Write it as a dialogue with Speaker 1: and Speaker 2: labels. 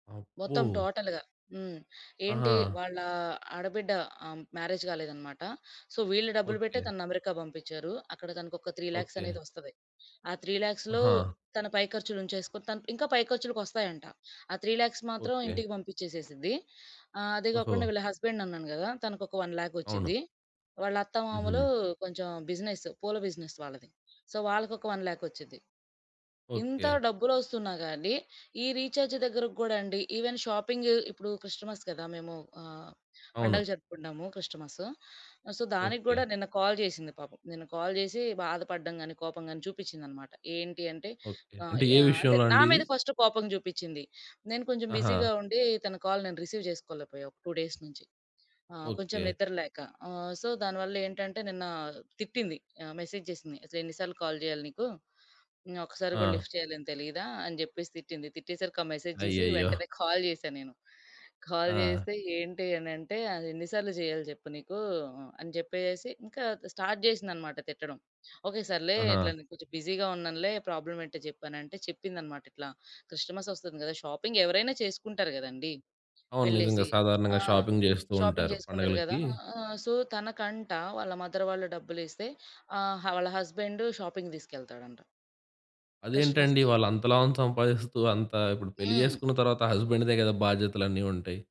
Speaker 1: అబ్బో!
Speaker 2: మొత్తం టోటల్‌గా. హ్మ్. ఏంటి
Speaker 1: ఆహా!
Speaker 2: వాళ్ళా ఆడబిడ్డ ఆహ్, మ్యారేజ్ గాలేదనమాట. సో వీళ్ళు డబ్బులు బెట్టె
Speaker 1: ఓకే.
Speaker 2: తనని అమెరికా బంపించారు. అక్కడ తనకొక 3,00,000
Speaker 1: ఓకే.
Speaker 2: అనేది ఒస్తది. ఆ 3,00,000లో
Speaker 1: ఆహా!
Speaker 2: తన పై ఖర్చులుంచేసుకొన తను ఇంకా పై ఖర్చులకొస్తాయంట. ఆ 3,00,000 మాత్రం
Speaker 1: ఓకే.
Speaker 2: ఇంటికి పంపిచ్చేసేసిద్ది ఆహ్, అదే గాకుండా
Speaker 1: ఓహో!
Speaker 2: వీళ్ళ హస్బెండ్ అన్నాను గదా! తనకు ఒక 1,00,000
Speaker 1: అవును.
Speaker 2: ఒచ్చిద్ది. వాళ్ళ అత్తమామలు
Speaker 1: హుహు.
Speaker 2: కొంచెం బిజినెస్ పూల బిజినెస్ వాళ్ళది. సో వాళ్ళకొక 1,00,000 ఒచ్చిద్ది. ఇంత
Speaker 1: ఓకే.
Speaker 2: డబ్బులొస్తున్నా గానీ ఈ రీచార్జ్ దగ్గరకి గూడా అండి ఈవెన్ షాపింగ్ ఇప్పుడు క్రిస్టమస్ గదా! మేము ఆహ్, పండగ
Speaker 1: అవును.
Speaker 2: జరుపుకుంటాము, క్రిస్టమస్సు. సో దానికి గూడా
Speaker 1: ఓకే.
Speaker 2: నిన్న కాల్ జేసింది పాపం. నిన్న కాల్ జేసి బాధపడ్డం గానీ, కోపం గానీ చూపిచిందనమాట. ఏంటి అంటే
Speaker 1: ఓకే.
Speaker 2: ఆహ్,
Speaker 1: అంటే ఏ
Speaker 2: యా అంటే
Speaker 1: విషయంలో
Speaker 2: నా
Speaker 1: అండి
Speaker 2: మీద
Speaker 1: ఇది?
Speaker 2: ఫస్ట్ కోపం జూపిచింది. నేను కొంచెం బిజీగా
Speaker 1: ఆహా!
Speaker 2: ఉండి తన కాల్ నేను రిసీవ్ జేసుకోలేపోయా ఒక 2 డేస్ నుంచి. ఆ! కొంచెం
Speaker 1: ఓకే.
Speaker 2: నిద్ర లేక ఆహ్, సో దానివల్ల ఏంటంటే నిన్న తిట్టింది. ఆహ్, మెసేజ్ జేసింది "అసలు ఎన్ని సార్లు కాల్ జేయాలి నీకు? హ్మ్. ఒకసారి గూడా
Speaker 1: ఆ!
Speaker 2: లిఫ్ట్ చేయాలని తెలీదా" అని జెప్పేసి తిట్టింది. తిట్టేసరికి ఆ మెసేజ్ జూసి
Speaker 1: అయ్యయ్యో!
Speaker 2: వెంటనే కాల్ జేసా నేను. కాల్
Speaker 1: ఆ!
Speaker 2: జేస్తే "ఏంటె?" అనంటే "అదెన్ని సార్లు జేయాలి జెప్పు నీకు?" అని జెప్పేసేసి ఇంకా స్టార్ట్ జేసిందనమాట తిట్టడం "ఓకే. సర్లే
Speaker 1: ఆహా!
Speaker 2: ఇట్లా నేను కొంచెం బిజీగా ఉన్నానులే ప్రాబ్లమ్ ఏంటో జెప్పు" అనంటే చెప్పిందనమాట. ఇట్లా క్రిస్టమస్ ఒస్తుంది గదా! షాపింగ్ ఎవరైనా చేసుకుంటారు గదండి.
Speaker 1: అవును. నిజంగా
Speaker 2: వెళ్ళేసి! ఆ!
Speaker 1: సాధారణంగా షాపింగ్ జేస్తూ
Speaker 2: షాపింగ్
Speaker 1: ఉంటారు
Speaker 2: జేసుకుంటారు గదా!
Speaker 1: పండగలకి.
Speaker 2: ఆహ్, సో తనకంట వాళ్ళ మదర్ వాళ్ళు డబ్బులిస్తే ఆహ్, హ వాళ్ళ హస్బెండ్ షాపింగ్‌కి తీసుకెళ్తాడంట.
Speaker 1: అదేంటండి?
Speaker 2: క్రిస్టమస్‌కి.
Speaker 1: వాళ్ళంత లావున సంపాదిస్తూ అంత ఇప్పుడు పెళ్లి
Speaker 2: హ్మ్.
Speaker 1: జేసుకున్న తర్వాత హస్బెండ్‌దే గదా! బాధ్యతలన్నీ ఉంటాయి?